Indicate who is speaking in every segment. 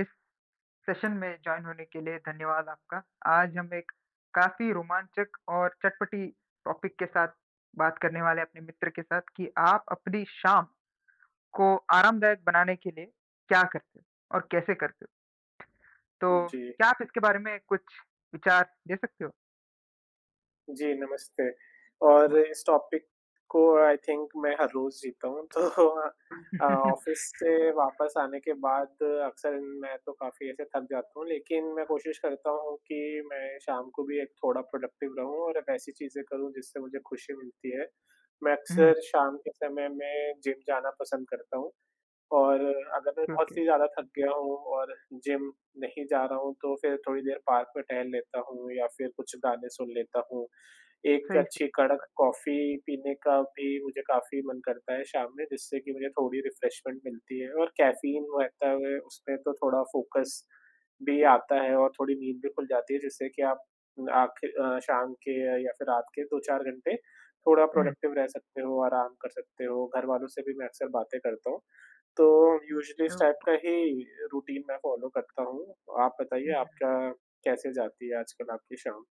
Speaker 1: इस सेशन में जॉइन होने के लिए धन्यवाद आपका। आज हम एक काफ़ी रोमांचक और चटपटी टॉपिक के साथ बात करने वाले अपने मित्र के साथ कि आप अपनी शाम को आरामदायक बनाने के लिए क्या करते हो? और कैसे करते हो?
Speaker 2: उ
Speaker 1: तो,
Speaker 2: जी।
Speaker 1: क्या आप इसके बारे में कुछ विचार दे सकते हो?
Speaker 2: जी, नमस्ते। और
Speaker 1: [unintelligible]
Speaker 2: इस टॉपिक को आई थिंक मैं हर रोज़ सीखता हूँ तो अ अ, ऑफ़िस से वापस आने के बाद अक्सर मैं तो काफ़ी ऐसे थक जाता हूँ, लेकिन मैं कोशिश करता हूँ कि मैं शाम को भी एक थोड़ा प्रोडक्टिव रहूँ और वैसी चीज़ें करूँ जिससे मुझे खुशी मिलती है। मैं
Speaker 1: हुँ।
Speaker 2: अक्सर शाम के समय में जिम जाना पसंद करता हूँ और अगर मैं बहुत
Speaker 1: ओके।
Speaker 2: ही ज़्यादा थक गया हूँ और जिम नहीं जा रहा हूँ, तो फिर थोड़ी देर पार्क में टहल लेता हूँ या फिर कुछ गाने सुन लेता हूँ। एक
Speaker 1: सही
Speaker 2: अच्छी कड़क
Speaker 1: [unintelligible]
Speaker 2: कॉफ़ी पीने का भी मुझे काफ़ी मन करता है, शाम में जिससे कि मुझे थोड़ी रिफ्रेशमेंट मिलती है और कैफ़ीन रहता है उसमें तो थोड़ा फ़ोकस भी आता है और थोड़ी नींद भी खुल जाती है जिससे कि आप आखि अ, शाम के या फिर रात के 2-4 घंटे थोड़ा
Speaker 1: हुँ।
Speaker 2: प्रोडक्टिव रह सकते हो आराम कर सकते हो। घरवालों से भी मैं अक्सर बातें करता हूँ, तो यूजुअली इस टाइप
Speaker 1: ओके।
Speaker 2: का ही रूटीन मैं फॉलो करता हूँ। आप
Speaker 1: हुँ,
Speaker 2: बताइए आप
Speaker 1: हुँ।
Speaker 2: क्या? कैसे जाती है आजकल आपकी शाम?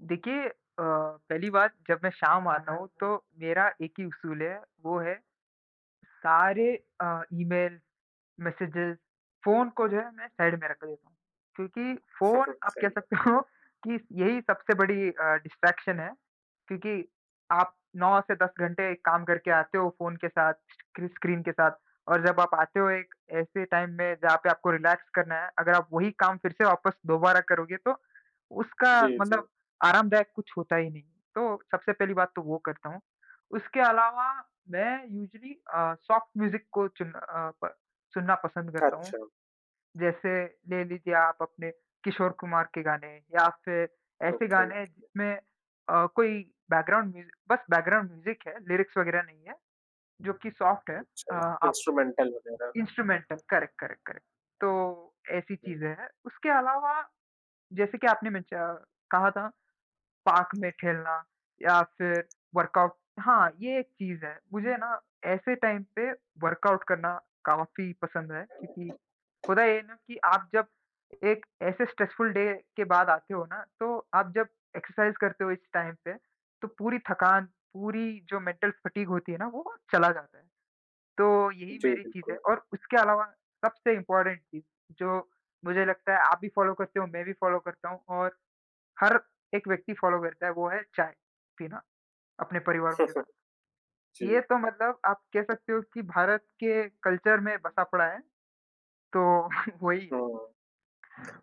Speaker 1: देखिए अ, पहली बात, जब मैं शाम आता हूँ, तो मेरा एक ही उसूल है, वो है, सारे अ, ईमेल, मैसेजेस, फ़ोन को जो है मैं साइड में रख ले क्योंकि फ़ोन आप कह
Speaker 2: सही बात
Speaker 1: सकते
Speaker 2: है।
Speaker 1: हो कि यही सबसे बड़ी अ, डिस्ट्रैक्शन है। क्योंकि आप 9 से 10 घंटे काम करके आते हो फ़ोन के साथ, स्क्रि स्क्रीन के साथ, और जब आप आते हो एक ऐसे टाइम में जहाँ पे आपको रिलैक्स करना है, अगर आप वही काम फिर से वापस दोबारा करोगे, तो उसका
Speaker 2: जी, जी।
Speaker 1: मतलब आरामदायक कुछ होता ही नहीं। तो सबसे पहली बात तो वो करता हूँ। उसके अलावा मैं यूज़्अली अ, सॉफ़्ट म्यूज़िक को चुन अ, प सुनना पसंद करता हूँ।
Speaker 2: अच्छा।
Speaker 1: जैसे ले लीजिए आप अपने किशोर कुमार के गाने, या फिर ऐसे
Speaker 2: ओके,
Speaker 1: गाने
Speaker 2: ओके।
Speaker 1: जिसमें अ, कोई बैकग्राउंड म्यूज़िक बस बैकग्राउंड म्यूज़िक है, लिरिक्स वग़ैरह नहीं है, जो कि सॉफ्ट है।
Speaker 2: कुछ
Speaker 1: अ,
Speaker 2: अ,
Speaker 1: आप
Speaker 2: इंस्ट्रूमेंटल वगैरह।
Speaker 1: Instrumental, correct, correct, correct. तो ऐसी चीज़ें हैं। उसके अलावा जैसे कि आपने मेंश अ, कहा था, पार्क में खेलना या फिर वर्कआउट, हाँ, ये एक चीज़ है। मुझे ना ऐसे टाइम पे वर्कआउट करना काफ़ी पसंद है क्योंकि होता ये है ना कि आप जब एक ऐसे स्ट्रेसफुल डे के बाद आते हो ना, तो आप जब एक्सरसाइज़ करते हो इस टाइम पे, तो पूरी थकान, पूरी जो मेंटल फ़ैटिग होती है ना, वो वहाँ चला जाता है। तो यही
Speaker 2: जी,
Speaker 1: मेरी चीज़ है,
Speaker 2: बिल्कुल।
Speaker 1: और उसके अलावा सबसे इम्पॉर्टेंट चीज़, जो मुझे लगता है आप भी फ़ॉलो करते हो, मैं भी फ़ॉलो करता हूँ और हर एक व्यक्ति फ़ॉलो करता है, वो है चाय पीना अपने परिवारों के साथ। ये
Speaker 2: जी।
Speaker 1: तो मतलब आप कह सकते हो कि भारत के कल्चर में बसा पड़ा है। तो वही है।
Speaker 2: हुँ।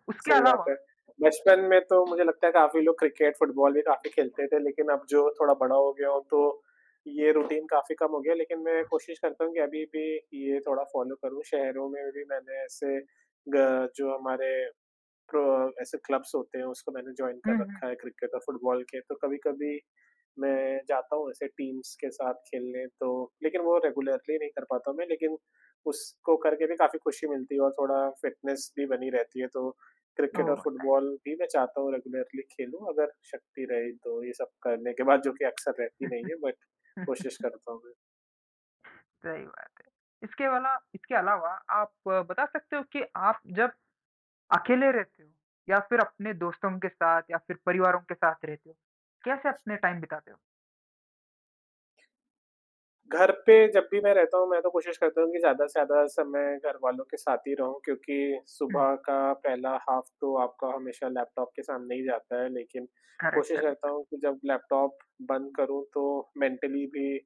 Speaker 1: उसके
Speaker 2: सही बात है।
Speaker 1: अलावा
Speaker 2: बचपन में तो मुझे लगता है काफ़ी लोग क्रिकेट, फुटबॉल भी काफ़ी खेलते थे, लेकिन अब जो थोड़ा बड़ा हो गया हूँ, तो ये रूटीन काफ़ी कम हो गया है, लेकिन मैं कोशिश करता हूँ कि अभी भी ये थोड़ा फ़ॉलो करूँ। शहरों में भी मैंने ऐसे ग जो हमारे क्रो ऐसे क्लब्स होते हैं, उसको मैंने जॉइन कर
Speaker 1: हुँ, हुँ।
Speaker 2: रखा है, क्रिकेट और फुटबॉल के। तो कभी-कभी मैं जाता हूँ ऐसे टीम्स के साथ खेलने तो, लेकिन वो रेगुलरली नहीं कर पाता मैं। लेकिन उसको करके भी काफ़ी खुशी मिलती है, और थोड़ा फिटनेस भी बनी रहती है। तो
Speaker 1: ओह!
Speaker 2: क्रिकेट और
Speaker 1: होता है।
Speaker 2: फुटबॉल भी मैं चाहता हूँ रेगुलरली खेलूँ अगर शक्ति रही तो ये सब करने के बाद, जो कि अक्सर रहती नहीं है, बट कोशिश करता हूँ मैं।
Speaker 1: सही बात है। इसके वाला इसके अलावा आप बता सकते हो कि आप जब अकेले रहते हो या फिर अपने दोस्तों के साथ या फिर परिवारों के साथ रहते हो? कैसे अपने टाइम बिताते हो?
Speaker 2: घर पे जब भी मैं रहता हूँ, मैं तो कोशिश करता हूँ कि ज़्यादा से ज़्यादा समय घरवालों के साथ ही रहूँ क्योंकि
Speaker 1: हुँ।
Speaker 2: सुबह का पहला हाफ तो आपका हमेशा लैपटॉप के सामने ही जाता है। लेकिन
Speaker 1: करेक्ट,
Speaker 2: कोशिश करता
Speaker 1: करेक्ट।
Speaker 2: हूँ कि जब लैपटॉप बंद करूँ, तो मेंटली भी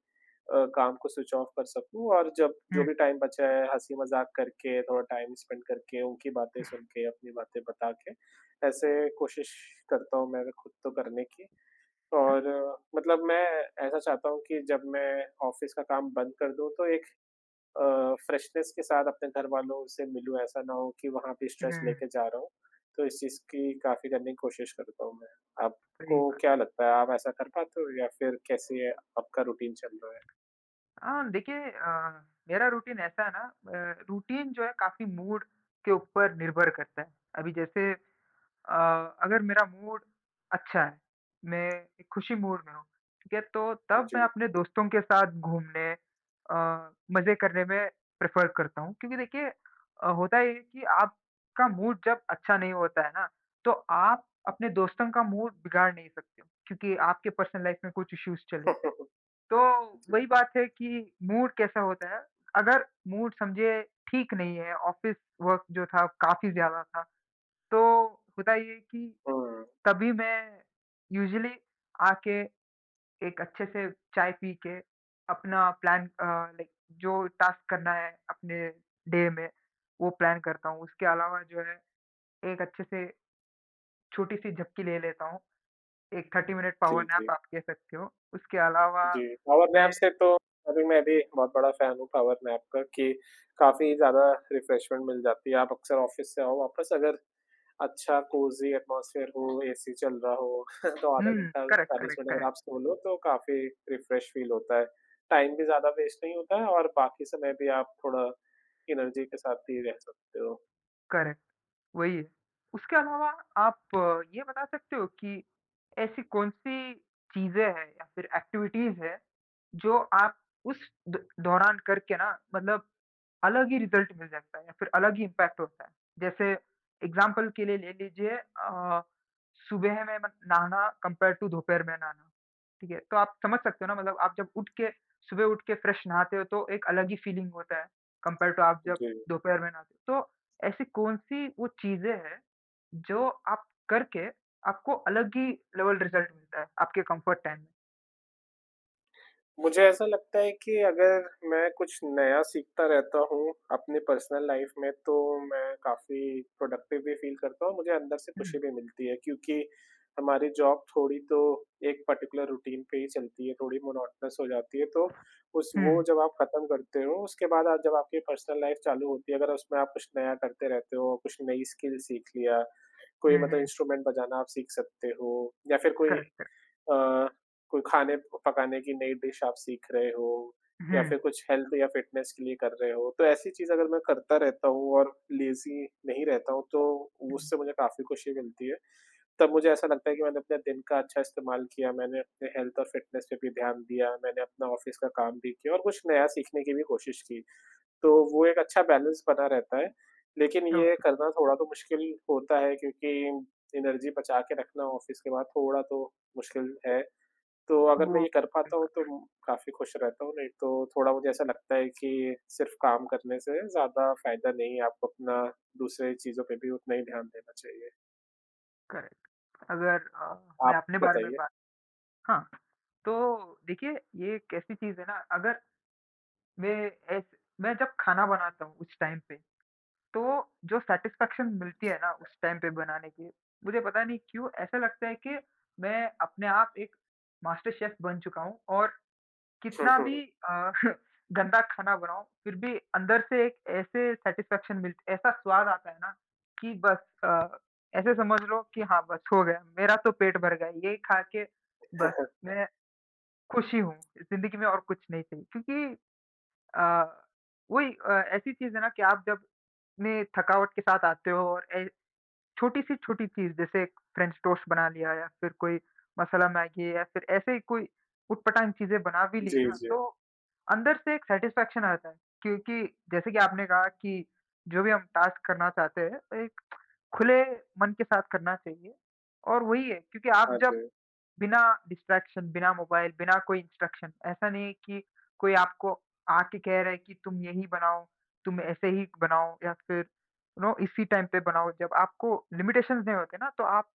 Speaker 2: अ, काम को स्विच ऑफ़ कर सकूँ और जब जो
Speaker 1: हुँ।
Speaker 2: भी टाइम बचा है, हँसी-मज़ाक करके, थोड़ा टाइम स्पेंड करके, उनकी बातें सुन के, अपनी बातें बता के, ऐसे कोशिश करता हूँ मैं अगर खुद तो करने की और मतलब मैं ऐसा चाहता हूँ कि जब मैं ऑफ़िस का काम बंद कर दूँ तो एक अ, फ़्रेशनेस के साथ अपने घरवालों से मिलूँ। ऐसा ना हो कि वहाँ पे स्ट्रेस
Speaker 1: उहुँ।
Speaker 2: लेके जा रहा हूँ। तो इस चीज़ की काफ़ी करने की कोशिश करता हूँ मैं।
Speaker 1: सही
Speaker 2: आपको
Speaker 1: बात।
Speaker 2: क्या लगता है, आप ऐसा कर पाते हो या फिर कैसे आपका रूटीन चल रहा है?
Speaker 1: अ, देखिए अ, मेरा रूटीन ऐसा है ना ब रूटीन जो है काफ़ी मूड के ऊपर निर्भर करता है। अभी जैसे अ, अगर मेरा मूड अच्छा है, मैं एक खुशी मूड में हूँ, ठीक है? तो तब मैं
Speaker 2: जी।
Speaker 1: अपने दोस्तों के साथ घूमने अ, मज़े करने में प्रेफ़र करता हूँ क्योंकि देखिए अ, होता ये है कि आपका मूड जब अच्छा नहीं होता है ना, तो आप अपने दोस्तों का मूड बिगाड़ नहीं सकते हो क्योंकि आपके पर्सनल लाइफ़ में कुछ इश्यूज़ चले। तो
Speaker 2: जी।
Speaker 1: वही बात है कि मूड कैसा होता है, अगर मूड समझिए ठीक नहीं है, ऑफ़िस वर्क जो था काफ़ी ज़्यादा था। तो होता ये है कि
Speaker 2: हुँ।
Speaker 1: कभी मैं यूज़ुअली आके, एक अच्छे से चाय पी के अपना प्लान अ, लाइक जो टास्क करना है अपने डे में, वो प्लान करता हूँ। उसके अलावा जो है, एक अच्छे से छोटी-सी झपकी ले लेता हूँ। एक 30 मिनट पावर
Speaker 2: जी, जी।
Speaker 1: नैप आप कह सकते हो। उसके अलावा
Speaker 2: जी, पावर
Speaker 1: मैं
Speaker 2: नैप से तो अभी मैं भी बहुत बड़ा फ़ैन हूँ पावर नैप का, कि काफ़ी ज़्यादा रिफ़्रेशमेंट मिल जाती है। आप अक्सर ऑफ़िस से आओ वापस, अगर अच्छा कोज़ी एटमॉस्फ़ियर हो, एसी चल रहा हो, तो आधा
Speaker 1: हुँ,
Speaker 2: घंटा,
Speaker 1: करेक्ट,
Speaker 2: 40
Speaker 1: करेक्ट,
Speaker 2: मिनट अगर
Speaker 1: करेक्ट।
Speaker 2: आप सो लो तो काफ़ी रिफ़्रेश फ़ील होता है। टाइम भी ज़्यादा वेस्ट नहीं होता है और बाकी समय भी आप थोड़ा एनर्जी के साथ भी रह सकते हो।
Speaker 1: करेक्ट, वही है, उसके अलावा आप ये बता सकते हो कि ऐसी कौन-सी चीज़ें हैं या फिर एक्टिविटीज़ हैं, जो आप उस द दौरान करके ना मतलब अलग ही रिज़ल्ट मिल जाता है या फिर अलग ही इम्पैक्ट होता है? जैसे एग्ज़ाम्पल के लिए ले लीजिए अ, सुबह में म नहाना कंपेयर्ड टू दोपहर में नहाना, ठीक है। तो आप समझ सकते हो ना, मतलब आप जब उठ के सुबह उठ के फ्रेश नहाते हो, तो एक अलग ही फीलिंग होता है, कंपेयर टू आप जब
Speaker 2: जी।
Speaker 1: दोपहर में नहाते। तो ऐसी कौन-सी वो चीज़ें हैं, जो आप करके आपको अलग ही लेवल रिजल्ट मिलता है, आपके कम्फर्ट टाइम?
Speaker 2: मुझे ऐसा लगता है कि अगर मैं कुछ नया सीखता रहता हूँ अपने पर्सनल लाइफ़ में, तो मैं काफ़ी प्रोडक्टिव भी फील करता हूँ, मुझे अंदर से खुशी
Speaker 1: हुँ।
Speaker 2: भी मिलती है, क्योंकि हमारी जॉब थोड़ी तो एक पर्टिक्युलर रूटीन पे ही चलती है, थोड़ी मोनोटनस हो जाती है। तो उस वो
Speaker 1: हुँ।
Speaker 2: जब आप खत्म करते हो, उसके बाद आ जब आपकी पर्सनल लाइफ़ चालू होती है, अगर उसमें आप कुछ नया करते रहते हो, कुछ नई स्किल सीख लिया, कोई
Speaker 1: हुँ,
Speaker 2: मतलब
Speaker 1: हुँ।
Speaker 2: इंस्ट्रूमेंट बजाना आप सीख सकते हो, या फिर कोई
Speaker 1: करेक्ट, करेक्ट।
Speaker 2: अ, कोई खाने प पकाने की नई डिश आप सीख रहे हो, या
Speaker 1: हुँ।
Speaker 2: फिर कुछ हेल्थ या फिटनेस के लिए कर रहे हो, तो ऐसी चीज़ अगर मैं करता रहता हूँ और लेज़ी नहीं रहता हूँ, तो उससे मुझे काफ़ी खुशी मिलती है, तब मुझे ऐसा लगता है कि मैंने अपने दिन का अच्छा इस्तेमाल किया, मैंने अपने हेल्थ और फिटनेस पे भी ध्यान दिया, मैंने अपना ऑफिस का काम भी किया और कुछ नया सीखने की भी कोशिश की। तो वो एक अच्छा बैलेंस बना रहता है। लेकिन ये
Speaker 1: ओके।
Speaker 2: करना थोड़ा तो मुश्किल होता है क्योंकि एनर्जी बचा के रखना ऑफिस के बाद थोड़ा तो मुश्किल है। तो अगर मैं
Speaker 1: वो
Speaker 2: ये कर
Speaker 1: सही
Speaker 2: पाता हूँ तो
Speaker 1: बात।
Speaker 2: अम, काफ़ी खुश रहता हूँ, नहीं तो थोड़ा मुझे ऐसा लगता है कि सिर्फ़ काम करने से ज़्यादा फ़ायदा नहीं है, आप अपना दूसरे चीज़ों पे भी उतना ही ध्यान देना चाहिए।
Speaker 1: करेक्ट, अगर अ, मैं
Speaker 2: आप
Speaker 1: अपने बारे में
Speaker 2: बताइए।
Speaker 1: बात हाँ। तो देखिए, ये एक चीज़ है ना, अगर मैं ऐस मैं जब खाना बनाता हूँ कुछ टाइम पे, तो जो सैटिस्फैक्शन मिलती है ना उस टाइम पे बनाने की, मुझे पता नहीं क्यों ऐसा लगता है कि मैं अपने आप एक मास्टर शेफ़ बन चुका हूँ। और
Speaker 2: हुँ,
Speaker 1: कितना
Speaker 2: हुँ।
Speaker 1: भी अ, गंदा खाना बनाऊँ, फिर भी अंदर से एक ऐसे सैटिस्फैक्शन मिल्त ऐसा स्वाद आता हैं ना कि बस अ, ऐसे समझ लो कि हाँ, बस हो गया मेरा तो पेट भर गया। ये खा के
Speaker 2: हाँ,
Speaker 1: बस
Speaker 2: हाँ।
Speaker 1: मै खुशी हूँ, इस ज़िंदगी में और कुछ नहीं चाहिए क्योंकि अ, वही अ, ऐसी चीज़ है ना कि आप जब ने थकावट के साथ आते हो और ऐ छोटी-सी छोटी चीज़, जैसे एक फ्रेंच टोस्ट बना लिया या फिर कोई मसाला मैगी या फिर ऐसे ही कोई ऊट-पटाँग चीज़ें बना भी ली
Speaker 2: जी,
Speaker 1: ना,
Speaker 2: जी।
Speaker 1: तो अंदर से एक सैटिस्फैक्शन आ जाता है। क्योंकि जैसे कि आपने कहा कि जो भी हम टास्क करना चाहते हैं, एक खुले मन के साथ करना चाहिए। और वही है, क्योंकि आप
Speaker 2: हाँ
Speaker 1: जब
Speaker 2: जी।
Speaker 1: बिना डिस्ट्रैक्शन, बिना मोबाइल, बिना कोई इंस्ट्रक्शन, ऐसा नहीं है कि कोई आपको आके कह रहा है कि तुम यही बनाओ, तुम ऐसे ही बनाओ, या फिर यू नो, इसी टाइम पे बनाओ। जब आपको लिमिटेशंस नहीं होते ना, तो आप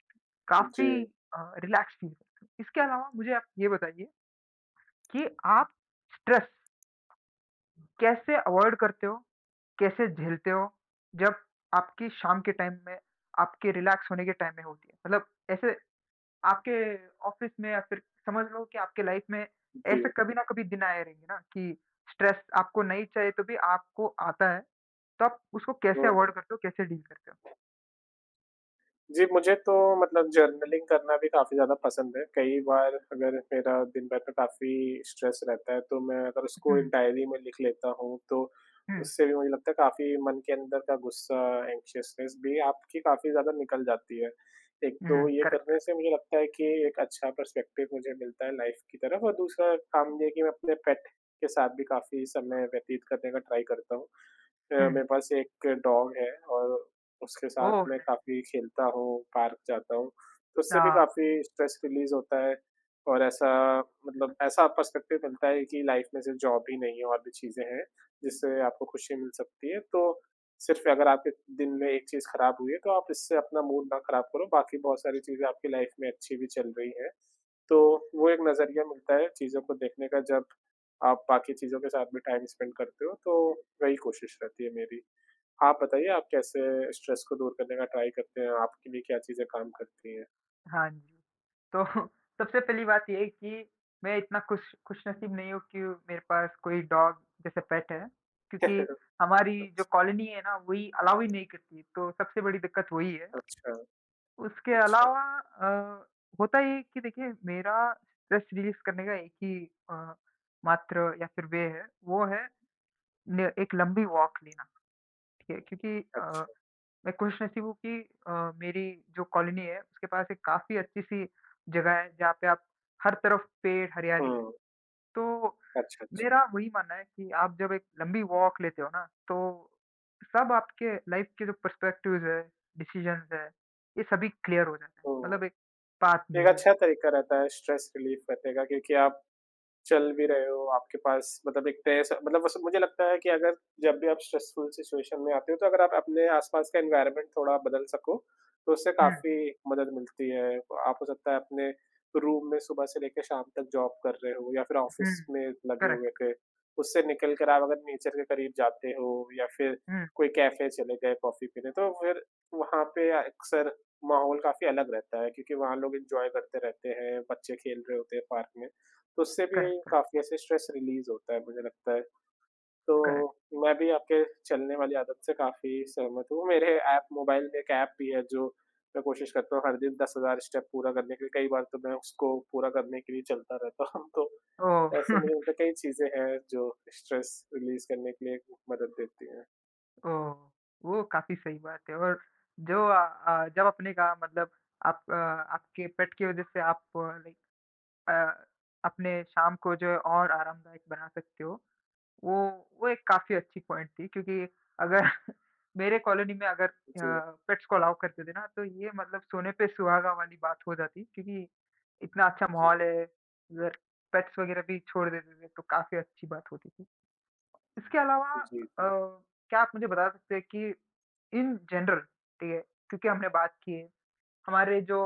Speaker 1: काफ़ी
Speaker 2: जी।
Speaker 1: अ, रिलैक्स फील करते हो। इसके अलावा मुझे आप ये बताइए कि आप स्ट्रेस कैसे अवॉइड करते हो, कैसे झेलते हो, जब आपकी शाम के टाइम में, आपके रिलैक्स होने के टाइम में होती है? मतलब ऐसे आपके ऑफिस में, या फिर समझ लो कि आपके लाइफ में ऐसे
Speaker 2: जी।
Speaker 1: कभी ना कभी दिना आए रहेंगे ना कि स्ट्रेस आपको नहीं चाहिए, तो भी आपको आता है। तो आप उसको कैसे
Speaker 2: हुँ,
Speaker 1: अवॉइड
Speaker 2: हुँ।
Speaker 1: करते हो, कैसे डील करते हो?
Speaker 2: जी, मुझे तो मतलब जर्नलिंग करना भी काफ़ी ज़्यादा पसंद है, कई बार अगर मेरा दिन भर में काफ़ी स्ट्रेस रहता है तो मैं अगर उसको एक
Speaker 1: हुँ।
Speaker 2: डायरी में लिख लेता हूँ तो,
Speaker 1: हुँ।
Speaker 2: उससे भी मुझे लगता है काफ़ी मन के अंदर का गुस्सा एंक्शसनेस भी आपकी काफ़ी ज़्यादा निकल जाती है। एक
Speaker 1: अ, हाँ,
Speaker 2: तो ये करने
Speaker 1: करेक्ट-करेक्ट।
Speaker 2: से मुझे लगता है कि एक अच्छा पर्स्पेक्टिव मुझे मिलता है लाइफ़ की तरफ़ और दूसरा काम ये है कि मैं अपने पेट के साथ भी काफ़ी समय व्यतीत करने का ट्राई करता हूँ। अ,
Speaker 1: हुँ।
Speaker 2: मेरे पास एक डॉग है और उसके साथ
Speaker 1: ओ
Speaker 2: मैं
Speaker 1: [unintelligible]
Speaker 2: काफ़ी खेलता हूँ, पार्क जाता हूँ, तो उससे भी
Speaker 1: हाँ।
Speaker 2: काफ़ी स्ट्रेस रिलीज़ होता है। और ऐसा मतलब ऐसा पर्स्पेक्टिव मिलता है कि लाइफ़ में सिर्फ़ जॉब ही नहीं है और भी चीज़ें हैं जिससे आपको खुशी मिल सकती है। तो सिर्फ़ अगर आपके दिन में एक चीज़ ख़राब हुई है तो आप इससे अपना मूड ना ख़राब करो, बाकी बहुत सारी चीज़ें आपकी लाइफ़ में अच्छी भी चल रही हैं, तो वो एक नज़रिया मिलता है चीज़ों को देखने का जब आप बाकी चीज़ों के साथ भी टाइम स्पेंड करते हो तो, वही कोशिश रहती है मेरी। आप बताइए आप कैसे स्ट्रेस को दूर करने का ट्राई करते हैं? आपके लिए क्या चीज़ें काम करती हैं?
Speaker 1: हाँ जी। तो सबसे पहली बात ये है कि मैं इतना खुश खुशनसीब नहीं हूँ कि मेरे पास कोई डॉग जैसे पेट है, क्योंकि हमारी
Speaker 2: अच्छा।
Speaker 1: जो कॉलोनी है ना वही अलाउ ही नहीं करती, तो सबसे बड़ी दिक्कत वही है।
Speaker 2: अच्छा,
Speaker 1: उसके
Speaker 2: अच्छा।
Speaker 1: अलावा अ, होता है ये कि देखिए मेरा स्ट्रेस रिलीज़ करने का है कि अ, मात्र या फिर वे है, वो है ने एक लंबी वॉक लेना, ठीक है? क्योंकि अ,
Speaker 2: अच्छा।
Speaker 1: मैं खुश नसीब हूँ कि अ, मेरी जो कॉलोनी है उसके पास एक काफ़ी अच्छी-सी जगह है जहाँ पे आप हर तरफ पेड़ हरियाली है।
Speaker 2: हुँ।
Speaker 1: तो
Speaker 2: अच्छा, अच्छा।
Speaker 1: मेरा वही मानना है कि आप जब एक लंबी वॉक लेते हो ना, तो सब आपके लाइफ़ के जो पर्सपेक्टिव्स हैं, डिसीज़न्स हैं, ये सभी क्लियर हो जाता है,
Speaker 2: हुँ।
Speaker 1: मतलब एक पाथ
Speaker 2: एक
Speaker 1: मिल जाता है।
Speaker 2: अच्छा तरीका रहता है स्ट्रेस रिलीफ़ रखने का क्योंकि आप चल भी रहे हो, आपके पास मतलब एक तय स मतलब वो स मुझे लगता है कि अगर जब भी आप स्ट्रेसफुल सिचुएशन में आते हो तो अगर आप अपने आस-पास का एनवायरनमेंट थोड़ा बदल सको, तो उससे
Speaker 1: हुँ।
Speaker 2: काफ़ी मदद मिलती है। आप सकता है अपने रूम में सुबह से लेके शाम तक जॉब कर रहे हो या फिर
Speaker 1: हुँ।
Speaker 2: ऑफ़िस में लगे हुए
Speaker 1: करेक्ट।
Speaker 2: थे। उससे निकलकर आप अगर नेचर के करीब जाते हो या फिर
Speaker 1: हुँ।
Speaker 2: कोई कैफ़े चले गए, कॉफ़ी पी लें, तो फिर वहाँ पे अ, अक्सर माहौल काफ़ी अलग रहता है क्योंकि वहाँ लोग एन्जॉय करते रहते हैं, बच्चे खेल रहे होते हैं पार्क में, तो उससे भी
Speaker 1: करेक्ट, करे
Speaker 2: काफ़ी ऐसे स्ट्रेस रिलीज़ होता है मुझे लगता है।
Speaker 1: करेक्ट।
Speaker 2: तो मैं भी आपके चलने वाली आदत से काफ़ी सहमत हूँ, मेरे ऐप मोबाइल में एक ऐप भी है जो मैं कोशिश करता हूँ हर दिन 10,000 स्टेप पूरा करने के लिए। कई बार तो मैं उसको पूरा करने के लिए चलता रहता हूँ तो
Speaker 1: ओह!
Speaker 2: ऐसे मुझे लगता है कई चीज़ें हैं जो स्ट्रेस रिलीज़ करने के लिए मदद देती हैं।
Speaker 1: ओह! वो काफ़ी सही बात है और जो अ अ, जब अपने का मतलब आप अ, आपके पेट की वज़ह से आप लाइक अ, अपने शाम को जो है और आरामदायक बना सकते हो। वो वो एक काफ़ी अच्छी पॉइंट थी क्योंकि अगर मेरे कॉलोनी में अगर अ,
Speaker 2: जी।
Speaker 1: पेट्स को अलाउ करते थे ना तो ये मतलब सोने पे सुहागा वाली बात हो जाती, क्योंकि इतना अच्छा
Speaker 2: जी।
Speaker 1: माहौल है उधर पेट्स वग़ैरह भी छोड़ देते थे तो काफ़ी अच्छी बात होती थी। इसके अलावा अ,
Speaker 2: जी, जी।
Speaker 1: क्या आप मुझे बता सकते हैं कि इन जनरल ठीक है? क्योंकि हमने बात की है, हमारे जो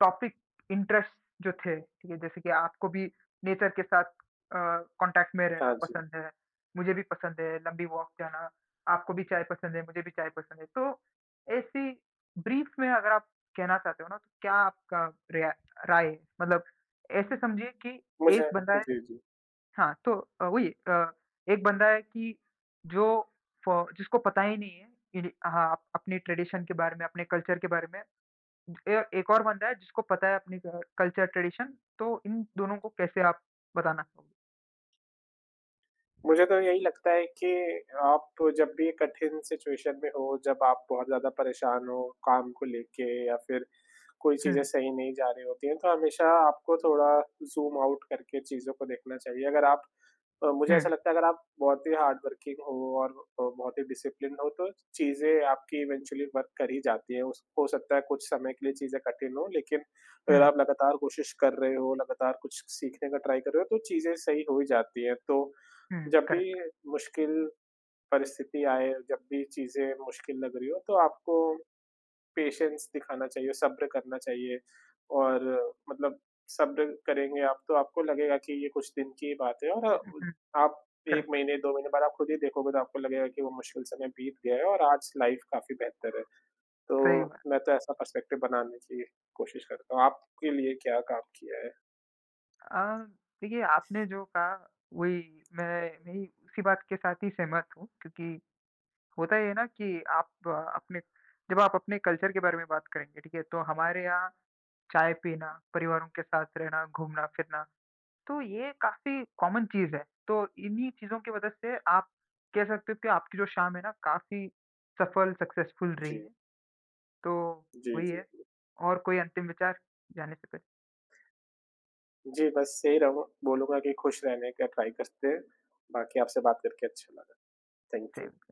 Speaker 1: टॉपिक इंटरेस्ट जो थे ठीक है, जैसे कि आपको भी नेचर के साथ अ, कॉन्टैक्ट में रहना
Speaker 2: हाँ जी
Speaker 1: पसंद है, मुझे भी पसंद है लंबी वॉक जाना, आपको भी चाय पसंद है, मुझे भी चाय पसंद है तो ऐसी ब्रीफ में अगर आप कहना चाहते हो ना तो क्या आपका रिया राय है? मतलब ऐसे समझिए कि
Speaker 2: मुझे
Speaker 1: एक बंदा है
Speaker 2: जी, जी।
Speaker 1: हाँ, तो अ, वही अ, एक बंदा है कि जो फ़ जिसको पता ही नहीं है कि हाँ, अप अपने ट्रेडिशन के बारे में, अपने कल्चर के बारे में। ए एक और बंदा है जिसको पता है अपनी कल्चर ट्रेडिशन, तो इन दोनों को कैसे आप बताना चाहो
Speaker 2: मुझे तो यही लगता है कि आप जब भी कठिन सिचुएशन में हो, जब आप बहुत ज़्यादा परेशान हो काम को लेके या फिर कोई चीज़ें
Speaker 1: हुँ।
Speaker 2: सही नहीं जा रही होती हैं, तो हमेशा आपको थोड़ा ज़ूम आउट करके चीज़ों को देखना चाहिए। अगर आप अ, मुझे ऐसा
Speaker 1: हुँ।
Speaker 2: लगता है अगर आप बहुत ही हार्डवर्किंग हो और अ, बहुत ही डिसिप्लिनड हो तो चीज़ें आपकी इवेंचुअली वर्क कर ही जाती हैं। उस हो सकता है कुछ समय के लिए चीज़ें कठिन हों लेकिन अगर
Speaker 1: हुँ।
Speaker 2: आप लगातार कोशिश कर रहे हो, लगातार कुछ स सीखने का ट्राई कर रहे हो तो चीज़ें सही हो ही जाती हैं। तो
Speaker 1: हुँ,
Speaker 2: जब
Speaker 1: करेक्ट।
Speaker 2: भी मुश्किल परिस्थिति आए, जब भी चीज़ें मुश्किल लग रही हों तो आपको पेशेंस दिखाना चाहिए, सब्र करना चाहिए और मतलब सब्र करेंगे आप तो आपको लगेगा कि ये कुछ दिन की ही बात है और अ,
Speaker 1: उहुँ,
Speaker 2: आप 1
Speaker 1: करेक्ट।
Speaker 2: महीने, 2 महीने बाद आप खुद ही देखोगे तो आपको लगेगा कि वो मुश्किल समय बीत गया है और आज से लाइफ़ काफ़ी बेहतर है।
Speaker 1: सही
Speaker 2: तो
Speaker 1: बात।
Speaker 2: मैं तो ऐसा पर्सपेक्टिव बनाने की कोशिश करता हूँ, आपके लिए क्या काम किया है?
Speaker 1: अ, देखिए, आपने जो कहा वही मैं नहीं, उसी बात के साथ ही सहमत हूँ क्योंकि होता ये है ना कि आप अपने जब आप अपने कल्चर के बारे में बात करेंगे, ठीक है? तो हमारे यहाँ चाय पीना, परिवारों के साथ रहना, घूमना-फिरना, तो ये काफ़ी कॉमन चीज़ है। तो इन्हीं चीज़ों के वजह से आप कह सकते हो कि आपकी जो शाम है ना, काफ़ी सफल सक्सेसफुल रही
Speaker 2: जी।
Speaker 1: है। तो
Speaker 2: जी,
Speaker 1: वही
Speaker 2: जी,
Speaker 1: है
Speaker 2: जी।
Speaker 1: और कोई अंतिम विचार जाने से पहले?
Speaker 2: जी, बस सही रहूँ बोलूँगा कि खुश रहने का ट्राई करते हैं, बाकी आपसे बात करके अच्छा लगा। Thank you.
Speaker 1: सेम।